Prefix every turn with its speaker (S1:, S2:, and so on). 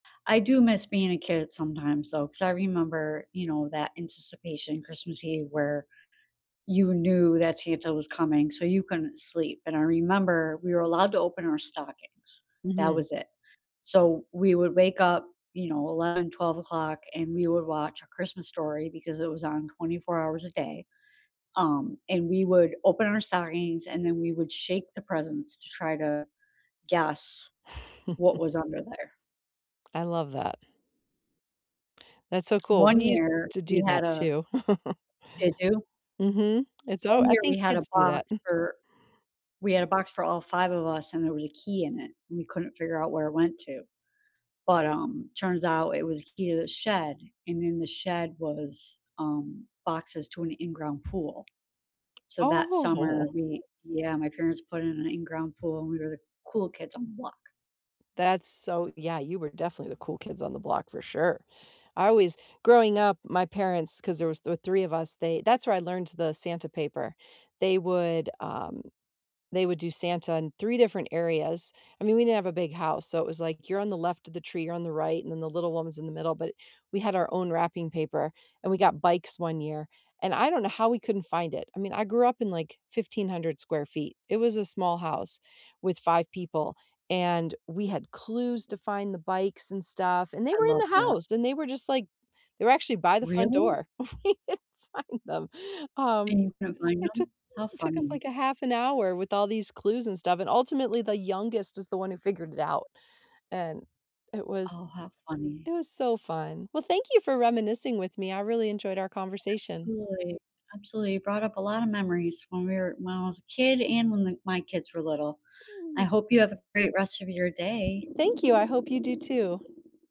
S1: I do miss being a kid sometimes, though, 'cause I remember, you know, that anticipation, Christmas Eve, where you knew that Santa was coming so you couldn't sleep, and I remember we were allowed to open our stockings. That
S2: Mhm.
S1: was it. So, we would wake up, you know, 11:00, 12:00 o'clock and we would watch A Christmas Story because it was on 24 hours a day, um, and we would open our stockings and then we would shake the presents to try to guess what was under there.
S2: I love that. That's so coo,
S1: One
S2: we used
S1: year
S2: to do
S1: we had
S2: that,
S1: a
S2: too.
S1: Did you?
S2: Mhm. It's all
S1: One
S2: I
S1: year we
S2: think
S1: had a
S2: kids do
S1: box
S2: that.
S1: for we had a box all 5 of us and there was a key in it and we couldn't figure out where it went to, but, um, turns out it was a key to the shed and in the shed was, um, boxes to an in ground pool. So, that summer
S2: Oh.
S1: we Yeah, my parents put in an in ground pool and we were the cool kids on the block.
S2: That's so Yeah, you were definitely the cool kids on the block, for sure. I always Growing up, my parents 'cause there was th three of us, they that's where I learned the Santa paper. They would, um They would do Santa in 3 different areas. I mean, we didn't have a big house, so, it was like you're on the left of the tree, you're on the right, and then the little one was in the middle, but we had our own wrapping paper, and we got bikes one year, and I don't know how we couldn't find it, I mean, I grew up in like 1,500 square feet, it was a small house with 5 people, and we had clues to find the bikes and stuff, and they
S1: I
S2: were in
S1: love
S2: the
S1: that.
S2: house, and they were just like they were actually by the front
S1: Really?
S2: door. We didn't find them. Um,
S1: And you couldn't find
S2: it took
S1: ‘em? How
S2: took us
S1: funny.
S2: like 1/2 hour with all these clues and stuff, and ultimately, the youngest is the one who figured it out, and it
S1: Oh,
S2: was
S1: how funny.
S2: it was so fun. Well, thank you for reminiscing with me, I really enjoyed our conversation.
S1: Absolutely. Absolutely. You brought up a lot of memories when we were when I was a kid and when the my kids were little. I hope you have a great rest of your day.
S2: Thank you, I hope you do too.